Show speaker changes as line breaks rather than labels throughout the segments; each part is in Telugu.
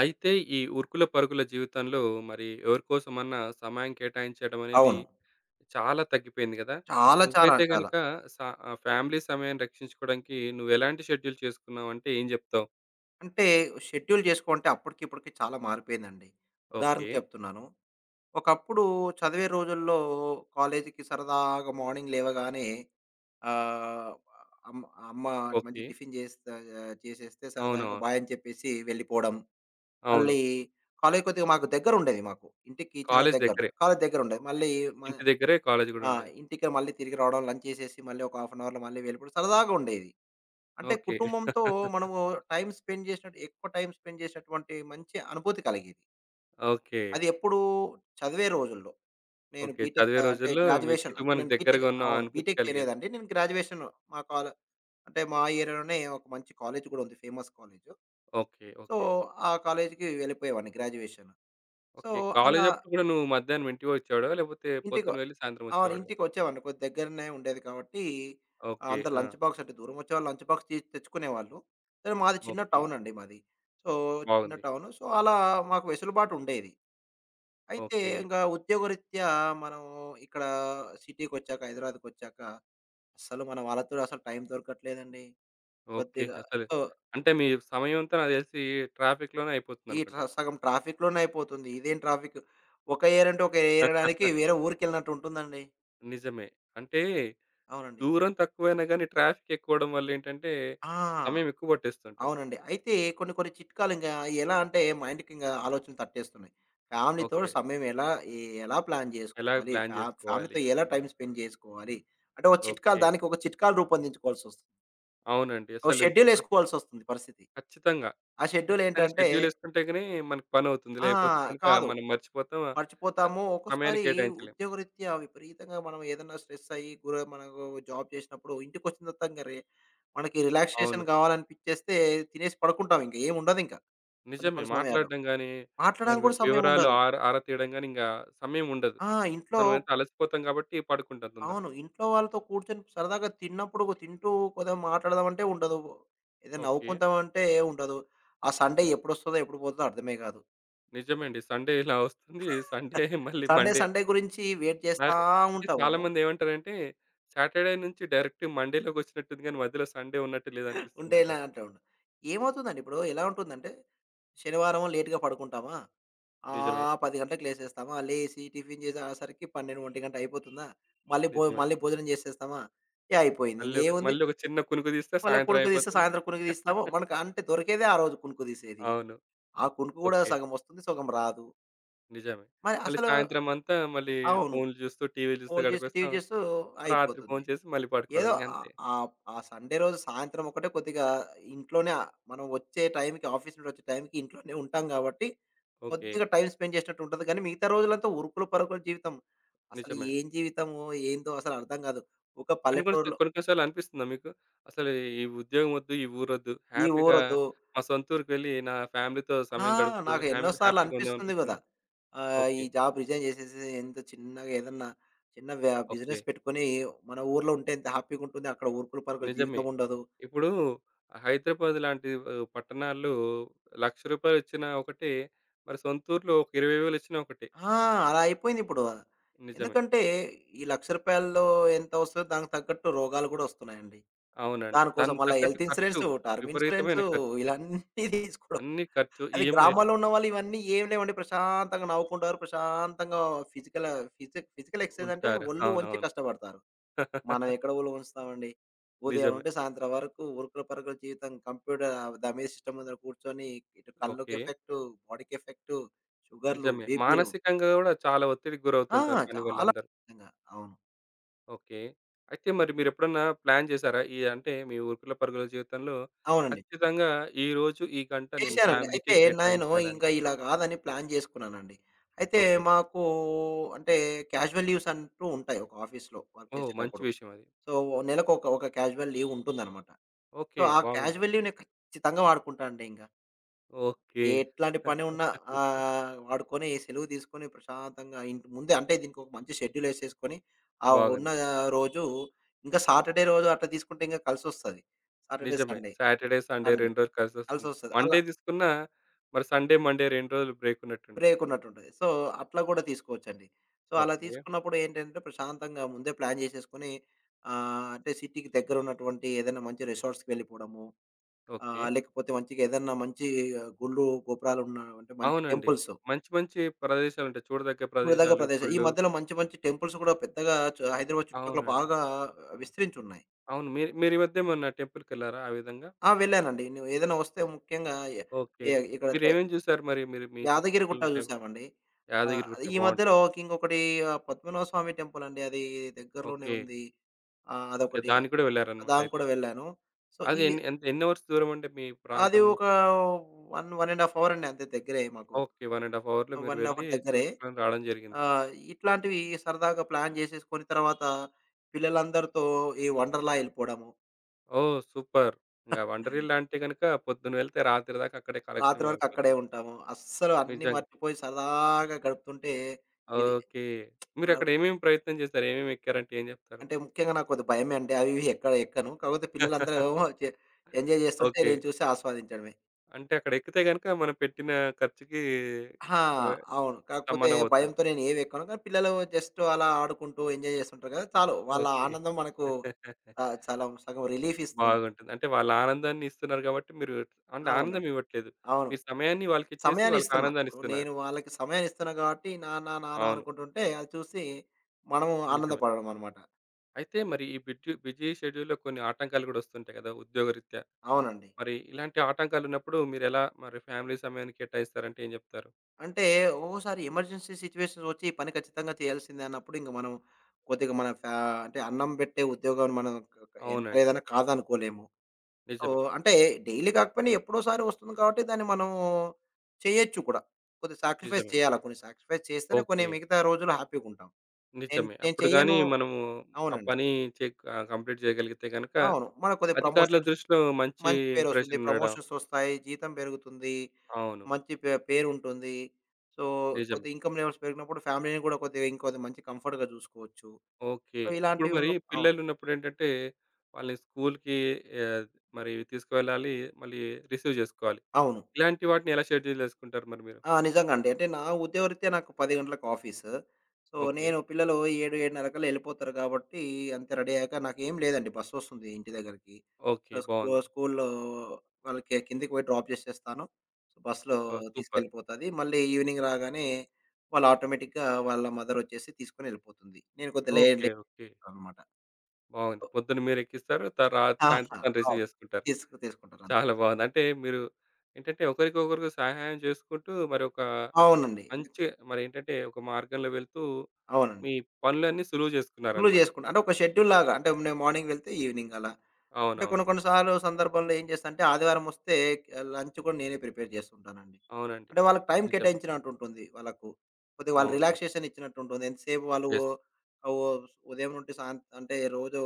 అయితే ఈ ఉరుకుల పరుకుల జీవితంలో మరి ఎవరికోసమన్నా సమయం కేటాయించడం అనేది
అవును.
చాలా తగ్గిపోయింది కదా!
చాలా, చాలా,
నువ్వైతే
చాలా.
గనక స ఆహ్, ఫ్యామిలీ సమయాన్ని రక్షించుకోవడానికి నువ్వెలాంటి షెడ్యూల్ చేసుకున్నావంటే ఏం చెప్తావు?
అంటే, షెడ్యూల్ చేసుకోవంటే అప్పటికి ఇప్పటికి చాలా మారిపోయిందండి. ఉదాహరణకు
ఓకే.
చెప్తున్నాను. ఒకప్పుడు చదివే రోజుల్లో కాలేజీకి సరదాగా మార్నింగ్ లేవగానే ఆహ్, అమ్మ, అమ్మ మంచి
ఓకే.
టిఫిను చేస్త ఆహ్, చేసేస్తే సరదాగా
అవునవును.
బాయని చెప్పేసి వెళ్ళిపోవడం.
అవును.
మళ్ళీ కాలేజు కొద్దిగా మాకు దగ్గరుండేది మాకు. ఇంటికి చాలా
కాలేజు
దగ్గర,
దగ్గరే.
కాలేజు దగ్గరుండేది.
ఓకే.
మళ్ళీ మ
ఇంటి దగ్గరే కాలేజు కూడా
ఆ!
ఉండేది.
ఇంటికి మళ్ళీ తిరిగి రావడం, లంచ్ చేసేసి మళ్ళీ ఒక హాఫ్ ఎన్ అవర్‌లో మళ్ళీ వెళ్ళిపోవడం. సరదాగా ఉండేది. అంటే,
ఓకే.
కుటుంబంతో మనము టైమ్ స్పెండ్ చేసినట్టు ఎక్కువ టైమ్ స్పెండ్ చేసినటువంటి మంచి అనుభూతి కలిగేది.
ఓకే.
అది ఎప్పుడూ, చదివే రోజుల్లో. నేను
ఓకే.
బీటెక్
చదివే
ఆహ్, అంటే
రోజుల్లో మీ
గ్రాడ్యుయేషన్ అంటే
కుటుంబానికి
నేను బీటెక్
దగ్గరగా ఉన్న
అవును.
అనుభూతి
బీటెక్
కలిగేది.
చేయలేదండి. నేను గ్రాడ్యుయేషన్, మా కాల అంటే మా ఏరియాలోనే ఒక మంచి కాలేజు కూడా ఉంది famous college.
Okay.
So,
okay.
ఆ కాలేజుకి వెళ్ళిపోయేవాడిని గ్రాడ్యుయేషన్. So,
okay.
అలా
కాలేజప్పుడు కూడా నువ్వు మధ్యాహ్నం ఇంటికొచ్చేవాడివా? లేకపోతే
ఇంటిగ
పొద్దున వెళ్లి సాయంత్రం
అవును,
వచ్చేవాడివా?
ఇంటికొచ్చేవాడిని. కొద్ది దగ్గరనే ఉండేది కాబట్టి, ఆ!
ఓకే.
అంత లంచ్
ఆ!
బాక్స్ అంటే దూరం వచ్చేవాళ్ళు లంచ్ బాక్స్ తీసి తెచ్చుకునేవాళ్ళు. సరే, మాది చిన్న
ఓకే.
టౌను అండి మాది. సో, చిన్న
బావుంది.
టౌను. సో, అలా మాకు వెసులుబాటు ఉండేది. అయితే
ఓకే.
ఇంకా ఉద్యోగరీత్యా మనము ఇక్కడ సిటీకొచ్చాక, హైదరాబాదుకొచ్చాక అసలు మన వాళ్ళతోని అసలు టైం దొరకట్లేదండి.
ఓకే.
కొద్దిగా
అసలు
సో
అంటే మీ సమయం అంతా నాకు తెలిసి ట్రాఫిక్‌లోనే
ఈ ట్ర
అయిపోతుందనుకుంట.
సగం ట్రాఫిక్‌లోనే అయిపోతుంది. ఇదేం ట్రాఫిక్. ఒక ఏయరంటూ ఒక ఏరడానికి వేరే ఊరికెళ్ళినట్టు ఉంటుందండి.
నిజమే. అంటే
అవునండి.
దూరం తక్కువైనా గానీ ట్రాఫిక్ ఎక్కువడం వల్లేంటంటే,
ఆ!
సమయం ఎక్కువ పట్టేస్తూ ఉంటుంది.
అవునండి. అయితే కొన్ని, కొన్ని చిట్కాలు ఇంకా ఎలా అంటే మైండుకింగ ఆలోచనలు తట్టేస్తున్నాయి. ఫ్యామిలీతో
ఓకే.
సమయం ఎలా ఎ ఎలా ప్లాన్
ఎలాగ
చేసుకోవాలి,
ప్లాన్
ఫ్యా
చేసుకోవాలి?
ఫ్యామిలీతో ఎలా టైమ్ స్పెండ్ చేసుకోవాలి, అంటే ఒక చిట్కాలు
ఓకే.
దానికి ఒక చిట్కాలు రూపొందించుకోవాల్సి వస్తుంది.
అవునండి.
ఓ
అసలు వన్
షెడ్యూలేసుకోవాల్సొస్తుంది పరిస్థితి.
ఖచ్చితంగా.
ఆ
ఖచ్చితంగా
షెడ్యూలేంటంటే
షెడ్యూల్ వేసుకుంటే గానీ మనకు పనివుతుంది.
ఆ!
లేపోతే గనుక
కాదు.
మనం మర్చిపోతాం, స
మర్చిపోతాము.
సమయాన్ని
ఒక్కోసారి
కేటాయించలేం.
ఉద్యోగరీత్యా విపరీతంగా మనం ఏదన్నా స్ట్రెస్సయ్యి, గుర మనకు జాబ్ చేసినప్పుడు ఇంటికొచ్చిన తర్వాత ఇంక రే మనకి రిలాక్సేషన్
అవును.
కావాలనిపించేస్తే తినేసి పడుకుంటాం ఇంక ఏం ఉండదింక. కొన్ని,
నిజమే.
కొన్ని సమయాలు.
మాట్లాడడం గానీ, మరి
మాట్లాడానికి
వి
కూడా
వివరాలు
సమయముండదు.
ఆర ఆర తీయడం గాని ఇంకా సమయం ఉండదు.
ఆ! ఇంట్లో
మనం ఎంత అలసిపోతాం కాబట్టి పడుకుంటాం తొందరగా.
అవును. ఇంట్లో వాళ్ళతో కూర్చొని సరదాగా తిన్నప్పుడు తింటూ కొదిగా మాట్లాడదం అంటే ఉండదు, ఏదే
ఓకే.
నవ్వుకుందామంటే ఉండదు. ఆ సండే ఎప్పుడొస్తదో ఎప్పుడు పోతదో అర్థమే కాదు.
నిజమండి. సండే ఇలా వస్తుంది. సండే మళ్ళీ
సండే,
మండే
సండే గురించి వెయిట్ చేస్తా
నాకా అంటే
ఉంటాము.
చాలామంది ఏమంటారంటే, సాటర్డే నుంచి డైరెక్ట్‌గా మండేలోకొచ్చినట్టుందిగానీ మధ్యలో సండే ఉన్నట్టు
ఉండే ఇలా
లేదనిపిస్తుందంటారు.
అంటావుండు. ఏమవుతుందండి ఇప్పుడు ఎలా ఉంటుందంటే, శనివారము లేట్‌గా పడుకుంటామా?
నిజమే.
ఆహ్, 10 గంటకి లేసేస్తామా. లేసి టిఫిన్ చేసే ఆసరికి 12, 1 అయిపోతుందా? మళ్ళీ భో
నిజమే.
మళ్ళీ భోజనం చేసేస్తామా? ఇగ అయిపోయింది.
మళ్ళీ ఒక
ఇంగేముంది?
మళ్ళీ ఒక చిన్న కునుకు తీస్తే సాయంత్రం
మళ్ళొకునుకు తీస్తే
అయిపోతుంది.
సాయంత్రం కునుకు తీస్తాము, మనకు అంటే దొరికేదే ఆ రోజు కునుకు తీసేది.
అవును.
ఆ కునుకు కూడా
ఓకే.
సగం వస్తుంది, సగం రాదు.
నిజమే.
మరి
మళ్ళీ
అసలు
సాయంత్రం అంతా మళ్ళీ
అవును.
ఫోన్లు చూస్తూ, టీవీలు జూస్తూ
ఫోన్ జూస్తూ టీవి
గడిపేస్తాం.
జూస్తూ
రాత్రి
అయిపోతుంది.
భోంచేసి మళ్ళీ పాడుకోవడం
ఏదో ఆహ్, ఆహ్,
ఇంగంతే.
ఆహ్, ఆ సండే రోజు సాయంత్రం ఒకటే కొద్దిగా ఇంట్లోనే. ఆ మనం వచ్చే టైమ్‌కి ఆఫీస్ నుండి వచ్చే టైంకి ఇంట్లోనే ఉంటాం గాబట్టి. కొద్దిగా
ఓకే.
టైమ్ స్పెండ్ చేసినట్టు ఉంటది. కానీ మిగతా రోజులంతా ఉరుకులు పరుకుల జీవితం. అసలు
నిజమే అండి.
ఏం జీవితమో? ఏందో? అసలర్థం కాదు. ఒక
కొన్ని కొన్ని సా
పల్లెటూరులో
కొన్ని కొన్ని సార్లు అనిపిస్తుందా మీకు? అసలు ఈ ఉద్యోగం వద్దు ఈ ఊరొద్దు.
ఈ
హ్యాపీగా
ఊరొద్దు.
మా సొంత ఊరికి వెళ్ళి నా ఫ్యామిలీతో
ఆ!
సమయం గడుపుతూ
నాకు ఎన్నో
హ్యామి
సార్లు
హ్యాపీగా
అనిపిస్తుంది గదా!
ఉందామనిపిస్తుందా?
ఆహ్, ఈ
ఓకే.
జాబ్ రిజైన్ చేసేసి. ఎంత చిన్నగా ఏదన్నా చిన్న వ్యా
ఓకే.
బిజినెస్ పెట్టుకొని. మన ఊర్లో ఉంటే. ఎంత హ్యాపీగా ఉంటుంది. అక్కడ ఉరుకులు పరుగుల
నిజమే.
జీవితం ఉండదు.
ఇప్పుడు హైదరాబాద్ లాంటి ఆహ్, పట్టణాల్లో 100000 రూపాయలొచ్చిన ఒకటే. మరి సొంతూరులో ఒక 20 వేలొచ్చినా ఒకటే.
ఆ! అలా అయిపోయిందిప్పుడు.
నిజమే.
ఎందుకంటే ఈ 100000 రూపాయల్లో. ఎంత వస్తుందో. దానికి తగ్గట్టు రోగాలు గూడా వస్తున్నాయండి.
అవునండి.
దానికోసం
దాని
మళ్ళా
తగ్గట్టు
హెల్త్
ఖర్చు
ఇన్స్యూరెన్స్, టర్మ్ ఇన్సూరెన్స్
విపరీతమైన ఖర్చు.
ఇలాన్నీ తీసుకోడం.
అన్ని ఖర్చు
అది
ఈఎంఐలు.
గ్రామాల్లో ఉన్న వాళ్ళు ఇవన్నీ ఏమి లేవడి. ప్రశాంతంగా నవ్వుకుంటారు. ప్రశాంతంగా ఫిజికల్ ఫిజి ఫిజికల్ ఎక్సర్సైజ్ అంటే.
ఉంటారు.
ఒళ్ళు వంచి
అవునవును.
కష్టపడతారు. మనం ఎక్కడ ఒళ్ళు వంచుతామండి? ఉదయం
నిజమే.
నుండి సాయంత్రం వరకు. ఉరుకులు పరుకులు జీవితం. కంప్యూటర్ దమే సిస్టమ్ ముందుర కూర్చొని. ఇటు కళ్ళుకి
ఓకే.
ఎఫెక్ట్, బాడీకి ఎఫెక్ట్, షుగర్లు,
నిజమే.
బీపీలు.
మానసికంగా గూడా చాలా ఒత్తిడికి
ఆ!
గురవుతుంటారు
చాలా
పనివల్లందరూ.
[unintelligible] గా అవును.
ఓకే. అయితే మరి మీరెప్పుడన్నా ప్లాన్ చేశారా? ఈ అంటే మీ ఉరుకుల పరుగుల జీవితంలో
అవునండి.
ఖచ్చితంగా ఈరోజు ఈ గంట నేను
చేశానండి.
ఫ్యామిలీకే
అయితే నేను
కేటాయించాలని?
ఇంకా ఇలా కాదని ప్లాన్ చేసుకున్నానండి. అయితే
ఓకే.
మాకు అంటే క్యాజువల్ లీవ్స్ అంటూ ఉంటాయి ఒక ఆఫీసులో. Work
oh! మంచి
చేసేటప్పుడు.
విషయం అది.
సో, నెలకొక ఒక క్యాజువల్ లీవ్ ఉంటుందనమాట. So,
okay.
ఆ
బాగుంది.
క్యాజువల్ లీవ్ నేను ఖచ్చితంగా వాడుకుంటా అండి ఇంగ.
ఓకే.
ఎట్లాంటి పని ఉన్నా ఆహ్, వాడుకొని సెలువు తీసుకొని ప్రశాంతంగా ఇంట ముందే, అంటే దీనికొక మంచి షెడ్యూల్ ఎసేసుకొని ఆ ఉన్న
బాగుంది.
రోజు ఇంకా సాటర్డే రోజు అట్లా తీసుకుంటే ఇంకా కలిసొస్తది. సాటర్డే,
నిజమే.
సండే.
సాటర్డే, సండే
అం
రెండ్రోజులు కలిసొస్తుంది.
కలిసొస్తది. అలా
మండే తీసుకున్నా మరి సండే, మండే 2 రోజులు బ్రేక్ ఉన్నట్టుంటది?
బ్రేక్ ఉన్నట్టుంటది. సో, అట్లా కూడా తీసుకోవచ్చండి. సో, అలా
ఓకే.
తీసుకున్నప్పుడు ఏంటంటే ప్రశాంతంగా ముందే ప్లాన్ చేసేసుకొని ఆహ్, అంటే సిటీకి దగ్గరున్నటువంటి ఏదైనా మంచి రిసార్ట్స్‌కి వెళ్ళిపోవడము
ఓకే.
ఆహ్, లేకపోతే మంచిగేదన్నా మంచి ఆహ్, గుళ్ళు, గోపురాలున్న అంటే మంచి
అవునండి.
టెంపుల్స్.
మంచి మంచి ప్రదేశాలుంటాయి చూడదగ్గ
చూడదగ్గ
ప్రదేశాలు,
ప్రదేశం. ఈ
గుళ్ళు.
మధ్యలో మంచి మంచి టెంపుల్స్ కూడా పెద్దగా చ హైదరాబాద్ చుటుపక్కల
అవునండి.
బాగా విస్తరించున్నాయి.
అవును. మీరు, మీరీ మధ్య ఏమన్నా టెంపుల్కెళ్లారా ఆ విధంగా?
ఆ! వెళ్ళానండి. ను ఏదైనా వస్తే ముఖ్యంగా ఎ
ఓకే.
ఇ ఇక్కడదే.
మీరేమేం చూసారు మరి? మీరు మీ
యాదగిరిగుట్ట
చుట్టుపక్కలున్న టెం
చూసామండి. ఆహ్,
యాదగిరిగుట్ట
ఈ
బావుంటది.
మధ్యలో ఇంకొకటి ఆహ్, పద్మనాభ స్వామి టెంపుల్ అండి. అది దగ్గరలోనే
ఓకే.
ఉంది. ఆహ్,
ఓకే.
అదొకటి.
దానికి కూడా
దానికి
వెళ్లారనమాటయితే.
కూడా వెళ్ళాను. సో, ఈ
అదెన్ని ఎంత ఎన్ని అవర్స్ దూరమండి మీ
అది
ప్రాంతం
ఓక 1, 1 1/2 అవర్ అండి, అంతే దగ్గరే మాకు.
ఓకే. 1 1/2 అవర్‌లో మీరు
1 1/2
వెళ్ళి,
అంటే దగ్గరే.
చూసుకోని రావడం జరిగింది.
ఆహ్, ఇట్లాంటివి సరదాగా ప్లాన్ చేసేసుకొని తర్వాత, పిల్లలందరితో ఈ వండర్లా ఎళ్ళిపోవడము.
ఓహ్! సూపర్. ఇగ వండరీలా అంటే గనుక, పొద్దున వెళ్తే రాత్రి దాకా అక్కడే
రాత్రి
కాలక్షపం
వరకు అక్కడే
అయపోతుంది.
ఉంటాము. అస్సలు అన్నీ
నిజంగా.
మర్చిపోయి సదాగా గడుపుతుంటే ఇది
ఓకే.
మనవ్
మీరక్కడ ఏమేం ప్రయత్నం జేశారు? ఏమేమి ఎక్కారంటే ఏం జెప్తారు?
అంటే, ముఖ్యంగా నాకు కొద్ది భయమే అండి. అవి, ఇవి ఎక్క ఎక్కను. కాకపోతే పిల్లలందరూ ఏమో చే ఎంజాయ్ చేస్తుంటే
ఓకే.
నెను చూసి ఆస్వాదించడమే.
అంటే అక్కడ ఎక్కితే గనుక, మనం పెట్టిన ఖర్చుకి
ఆ!
ఆహ్,
అవును. కాకపోతే
సమానం అవుతుంది.
భయంతో నేనేవి ఎక్కను. కానీ పిల్లలు జస్టు అలా ఆడుకుంటూ ఎంజాయ్ జేస్తుంటారు కదా! చాలు. వాళ్ళ
ఓకే.
ఆనందం మనకు ఆహ్, చాలాం సగం రిలీఫిస్తుంది.
బాగుంటుంది. అంటే వాళ్ళు ఆనందాన్ని ఇస్తున్నారు గాబట్టి, మీరు అండ్
అవునండి.
ఆనందం ఇవ్వట్లేదు.
అవును.
మీరు సమయాన్ని వాళ్ళకి ఇచ్చేసి,
సమయాన్ని
వాళ్ళకి
ఇస్తున్నా.
ఆనందాన్ని
ఇప్పుడు
ఇస్తున్నారు.
నేను వాళ్ళకి సమయాన్ని ఇస్తున్నా గాబట్టి నాన్న, నాన్న
అవును.
అనుకుంటుంటే అది చూసి, మనం
నిజమే.
ఆనందపడడమనమాట.
అయితే మరి ఈ బిట్యు బిజీ షెడ్యూల్లో కొన్ని ఆటంకాలు గూడా ఒస్తుంటాయి కదా ఉద్యోగరీత్యా,
అవునండి.
మరి ఇలాంటి ఆటంకాలున్నప్పుడు, మీరు ఎలా మరి ఫ్యామిలీ సమయాని కేటాయిస్తారంటే ఏం జెప్తారు?
అంటే, ఒక్కోసారి ఎమర్జెన్సీ సిట్యుయేషన్స్ ఒచ్చి ఈ పని ఖచ్చితంగా చేయాల్సింద అన్నప్పుడు, ఇంక మనం, కొద్దిగా మన ఫ్యా అంటే అన్నం పెట్టే ఉద్యోగాం మనకు క ఎంత
అవునండి.
లేదన్నా కాదనుకోలేము. సో,
నిజమే.
అంటే డైలీ కాకపోయినా ఎప్పుడోసారి ఒస్తుంది కాబట్టి దాన్ని మనం చేయొచ్చు కూడా. కొద్ది సాక్రిఫైజ్
నిజమే.
చేయాలా, కొన్ని సాక్రిఫైజ్ చేస్తేనే, కొన్ని
ఓకే.
మిగతా రోజులు హ్యాపీగుంటాం. నేన్
నిజమే.
నేను
అప్పుడుగాని
చెయ్యను
మనము, ఆ
అవునండి.
పని చేక్ ఆహ్, కంప్లీట్ చేయగలిగితే గనక,
అవును. మన కొద్ది
అధికారుల
ప్రమోషన్స్
దృష్టిలో మంచి
మంచి పేరొస్తుంది.
ఇంప్రెషన్ ఉండడం
ప్రమోషన్సొస్తాయి, జీతం పెరుగుతుంది,
అవును.
మంచి పే పేరు ఉంటుంది. సో,
నిజమే.
కొద్దిగా ఇన్‌కమ్ లెవెల్స్ పెరిగినప్పుడు ఫ్యామిలీని కూడా కొద్దిగా, ఇంకొద్ది మంచి కంఫర్ట్‌గా చూసుకోవచ్చు.
ఓకే.
సో,
ఇప్పుడు
ఇలాంటివి
మరి
ఉన్న అవును.
పిల్లలు ఉన్నప్పుడెంటంటే, వాళ్ళని స్కూలుకి ఆహ్, మరి తీసుకవెళ్ళాలి, మళ్ళీ రిసీవ్ చేసుకోవాలి.
అవును.
ఇలాంటి వాటిని ఎలా షెడ్యూల్ చేసుకుంటారు మరి మీరు?
ఆ! నిజంగా అండి. అంటే నా ఉదయరీత్యా నాకు 10 గంటలకు ఆఫీసు సో,
ఓకే.
నేను పిల్లలు 7, 7:30 కల్లా ఎళ్ళిపోతారు గాబట్టి అంతే రెడీ అయ్యాక నాకేం లేదండి బస్సొస్తుంది ఇంటి దగ్గరికి. So,
okay.
స్కూ
బావుంది.
స్కూలులో వాళ్ళకి కిందికి పోయి డ్రాప్ చేసేస్తాను. బసులో
ఓహ్! సూపర్.
తీసుకెళ్ళిపోతది. మళ్ళీ ఈవినింగ్ రాగానే, వాళ్ళు ఆటోమేటిక్‌గా వాళ్ళ మదరొచ్చేసి తీసుకొని వెళ్ళిపోతుంది. నేను కొద్దిగా లే
ఓకే.
లే
ఓకే.
అనమాట.
బావుంది.
ఒ
పొద్దున మీరు ఎక్కిస్తారు త రాత్రి సాయంత్రం
ఆహా!
తను రిసీవ్
అవును.
చేసుకుంటారు.
తీసుకు తీసుకుంటారన్
చాలా బావుంది. అంటే మీరు ఏంటంటే, ఒకరికొకరు సహాయం చేసుకుంటూ, మరొకా
అవునండి. ఎందుకు?
మంచే మరి ఏంటంటే ఒక మార్గంలో వెళ్తూ,
అవునండి.
మీ పనులన్నీ సులువు
ఫుల్లు
చేసుకున్నారనమాట.
జేసుకుంట. అంటే ఒక షెడ్యూల్‌లాగా అంటే, నే మార్నింగ్ వెళ్తే ఈవెనింగ్ అలా. అంటే కొన్ని,
అవునవును.
కొన్ని సార్లు సందర్భాల్లో ఏం చేస్తంటే, ఆదివారమొస్తే క లంచ్ కూడా నేనే ప్రిపేర్ జేస్తుంటానండి.
అవునండి.
అంటే వాళ్ళకి టైం
నిజం.
కేటాయించినట్టు ఉంటుంది వాళ్ళకు. కొద్దిగా వాళ్ళ
అవునవును.
రిలాక్సేషనిచ్చినట్టు ఉంటుంది. ఎంతసేపు వాళ్ళు
యెస్.
ఓ ఆహ్, ఓ ఉదయం నుండి సాంత్ అంటే, రోజు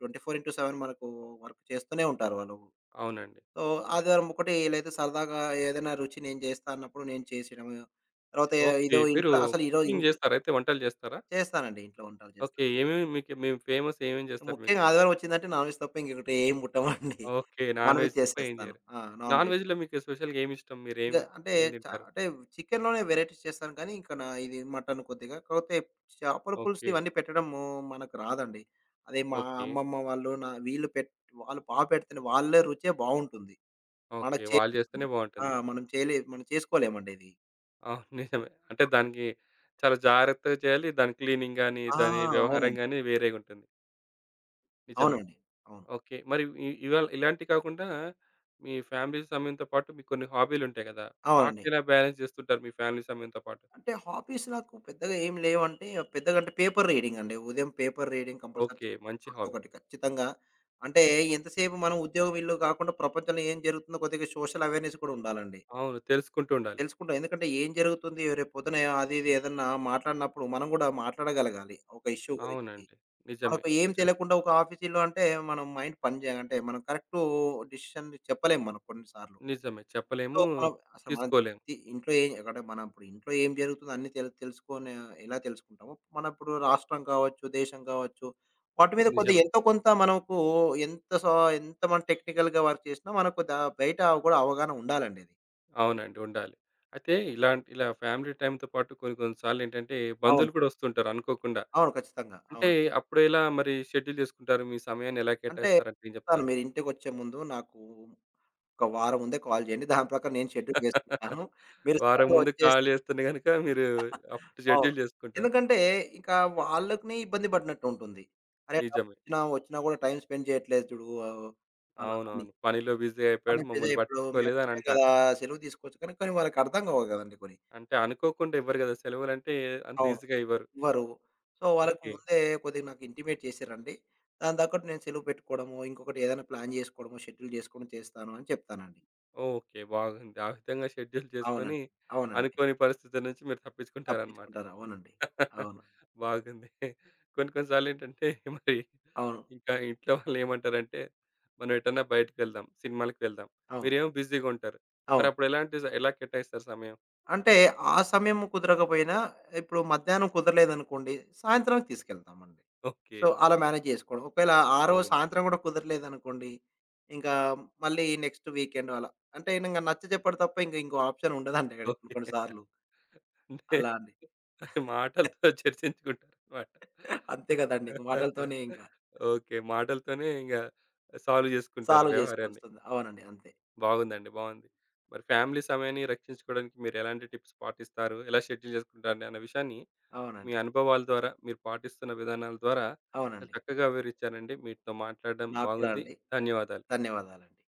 24 ఇన్ టు 7 మనకు వర్క్ చేస్తూనే ఉంటారు వాళ్ళు.
అవునండి.
సో, ఆదివారం ఒకట లేతే సరదాగా ఏదైనా రుచి నేను జేస్తా అన్నప్పుడు నేను చేసేయడమ. తర్వాత
ఓకే.
ఏదో
మీరు
ఇంట్లో అసల ఇరో
కుుకింగ్
ఇంట్లో
జేస్తారా, అయితే వంటలు జేస్తారా?
చేస్తానండి. ఇంట్లో వంటలు చేస్తాను.
ఓకే. ఏమేం మీకు మే ఫేమసేమేం జేస్తారు
ముఖ్యంగా
మీకే?
ఆదివారం ఒచ్చిందంటే నాన్‌వెజ్ తప్ప ఇంకకట ఏం ముట్టమండి.
ఓకే.
నాన్‌వెజ్
నాన్‌వెజ్ తప్ప ఏం
చేసేస్తాను.
చేయరు.
ఆ! నాన్‌వెజ్జు.
నాన్‌వెజ్ మీకు స్పెషల్‌గా ఏమిష్టం? మీరు ఏం,
ఇంగా అంటే,
ఏం
చ
తింటారు?
అంటే చికెనులోనే వెరైటీస్ చేస్తాను గానీ, ఇంక నా ఇది మటను కొద్దిగా. కాపోతే చేాపల పులుసు
ఓకే.
ఇవన్నీ పెట్టడము మనకు రాదండి. అది మా
ఓకే.
అమ్మమ్మ వాళ్ళు నా వీళ్ళు పెట్ వాళ్ళు బా పెడుతునే వాళ్ళే రుచే బావుంటుంది. మన
ఓకే.
చే
వాళ్ళు జేస్తేనే
ఆ!
బావుంటుంది.
మనం చేయలే మనం చేసుకోలేమండి అది.
అవును నిజమే. అంటే
అవును.
దానికి, చాలా జాగ్రత్తగా చేయాలి. దాని క్లీనింగ్ గాని,
ఆ!
దాని వ్యవహారం
అవునండి.
గాని వేరేగుంటుంది. నిజమే.
అవునండి. అవును.
ఓకే. మరి ఇ ఇవాళ ఇలాంటియి కాకుండా, మీ ఫ్యామిలీ సమయంతో పాటు మీ కొన్ని హాబీలుంటాయి గదా!
అవునండి.
వాట్ని ఎలా బ్యాలెన్స్ జేస్తుంటారు మీ ఫ్యామిలీ సమయంతో పాటు?
అంటే హాబీస్ నాకు పెద్దగా ఏం లేవంటే, పెద్దగా అంటే, పేపర్ రీడింగ్ అండి. ఉదయం పేపర్ రీడింగ్ కంపల్సరీ చ
ఓకే. మంచి హాబీ.
రోజుకొకటి ఖచ్చితంగా. అంటే ఎంతసేపు మనం ఉద్యోగం ఇల్లు గాకుండా ప్రపంచంలో ఏం జరుగుతుందో కొద్దిగా సోషల్ అవేర్నెస్ కూడా ఉండాలండి.
అవును. తెలుసుకుంటూ ఉండాలి.
తెలుసుకుంటాం. ఎందుకంటే ఏం జరుగుతుంది? రేపొద్దున ఆ అది ఇది ఏదన్నా మాట్లాడినప్పుడు మనం గూడా మాట్లాడగలగాలి. ఒక ఇష్యూ గురించి.
అవునండి. నిజమే.
మనకు ఏం
అచ
తెలియకుండా ఒక ఆఫీసీలో అంటే మనం మైండ్ పని జేయ అంటే మనం కరెక్టూ డిసిషన్ చెప్పలేం మనం కొన్ని సార్లు.
నిజమే
సో,
చెప్పలేము.
మనం అసలు మన
తీసుకోలేం.
తి ఇంట్లో ఏం అక్కడ మనం ఇప్పుడు ఇంట్లో ఏం జరుగుతుంది అన్నీ తెలు తెలుసుకొని ఎలా తెలుసుకుంటామో, మన ఇప్పుడు రాష్ట్రం కావచ్చు, దేశం కావచ్చు. వాటి మీద కొద్ది
నిజమే.
ఎంతో కొంత మనకు ఎంత సా ఎంతమంది టెక్నికల్‌గా వర్క్ చేసినా మనకు దా బయట అవ కూడా అవగాహన ఉండాలండది.
అవునండి ఉండాలి. అయితే ఇలాంటి, ఇలా ఫ్యామిలీ టైమ్ంతో పాటు కొన్ని కొన్ని సార్లు ఏంటంటే
అవును.
బంధువులు కూడా ఒస్తుంటారు అనుకోకుండా.
అవును ఖచ్చితంగా.
అంటే
అవును.
అప్పుడెలా మరి షెడ్యూల్ జేసుకుంటారు? మీ సమయాన్ని ఎలా
అంటే,
కేటాయిస్తారంటె ఏం
చెప్తాను
జెప్తారు?
మీరింటికొచ్చే ముందు నాకూ, ఒక వారం ముందే కాల్ జేయండి. దాని ప్రకారం నేను షెడ్యూల్ చేేసుకుంటాను. మీరు
వారం
సడన్‌గా
ముందు
వచ్చేసి
కాల్ జేస్తున్న గనుక మీరు అప్పుడు
అవును.
షెడ్యుల్ జేసుకుంటారు.
ఎందుకంటే ఇకా వాళ్ళకనే ఇబ్బంది పడినట్టుంటుంది. అరే, ర
నిజమే.
వచ్చినా ఒచ్చినా గూడా టైమ్ స్పెండ్ జేయట్లేదు జూడు ఆ ఒ ఆ! అని.
అవునవును. పనిలో బిజీ
పని
అయిపోయాడు.
పెదిరే
మమ్మల్ని
ఇప్పుడు మేము
పట్టిచ్చుకోలేదు అని
ఒచ్చాం గదా
అంటారు.
సెలవు తీసుకోవచ్చు కానీ, కొనీ వాళ్ళకి అర్థం గావు కదండీ పోని.
అంటే అనుకోకుండా ఇవ్వరు కదా! సెలవులంటే అంత
అవును.
ఈజీగా ఇవ్వరు.
ఇవరూ సో వాళ్ళకి
ఓకే.
ముందే కొద్దిగా నాకు ఇంటిమేట్ చేసి రండి. దాని తగ్గట్టు నేను సెలువు పెట్టుకోడము ఇంకొకటి ఏదన్నా ప్లాన్ జేసుకోడము, షెడ్యూల్ జేసుకోడం చేస్తాను అని చెప్తానండి.
ఓకే. బాగుంది. ఆ విధంగా షెడ్యూల్ జేసుకొని,
అవునండి. అవునండి.
అనుకోని పరిస్థితుల నుంచి మీరు తప్పించుకుంటారనమాట.
తప్పించుకుంటారు. అవునండి. అవును.
బాగుంది. కొన్ని కొన్ని సార్లు ఏంటంటే మరి,
అవును.
ఇంకా ఇంట్లో వాళ్ళేమంటారంటే, మనం ఎటన్నా బయటికెళ్దాం, సినిమాలకి వెళ్దాం,
అవును.
మీరేమో బిజీగుంటారు.
అవును.
మరప్పుడు ఎలాంటి స ఎలా కేటాయిస్తారు సమయం?
అంటే, ఆ సమయం కుదరకపోయినా, ఇప్పుడు మధ్యాహ్నం కుదరలేదనుకోండి, సాయంత్రం తీసుకెళ్తామండి. So
okay.
అలా మ్యానేజ్ జేసుకోవడం. ఒకవేళ ఆరోజు
అవును.
సాయంత్రం గూడా కుదరలేదనుకోండి, ఇంకా మళ్ళీ నెక్స్ట్ వీకెండ్ అలా. అంటే ఈనంగ నచ్చజెప్పాడు తప్ప ఇంగ ఇంగో ఆప్షన్ ఉండదండి ఆడి కొన్ని
ఓకే.
కొన్ని సార్లు.
అంతే.
అలా అండి.
మాటలతో చర్చించుకుంటారు మాట.
అంతే కదండింక మాటలతోనే ఇంక.
ఓకే. మాటలతోనే ఇంగ, సాల్వ్ జేసుకుంటారు
సాల్వ్
వ్యవహారాన్ని.
జేసుకోవాల్స్తొం‌ది. అవునండి. అంతే.
బాగుందండి. బావుంది. మరి ఫ్యామిలీ సమయాన్ని రక్షించుకోడానికి మీరు ఎలాంటి టిప్స్ పాటిస్తారు? ఎలా షెడ్యూల్ జేసుకుంటారు? అన్న విషయాన్ని మీ
అవునండి.
అనుభవాల ద్వారా, మీరు పాటిస్తున్న విధానాల ద్వారా, చాలా
అవునండి.
చక్కగా వివరిచ్చారండి. మీతో మాట్లాడ్డం
నాకు కూడా
బాగుంది.
అండి.
ధన్యవాదాలు.
ధన్యవాదాలండి.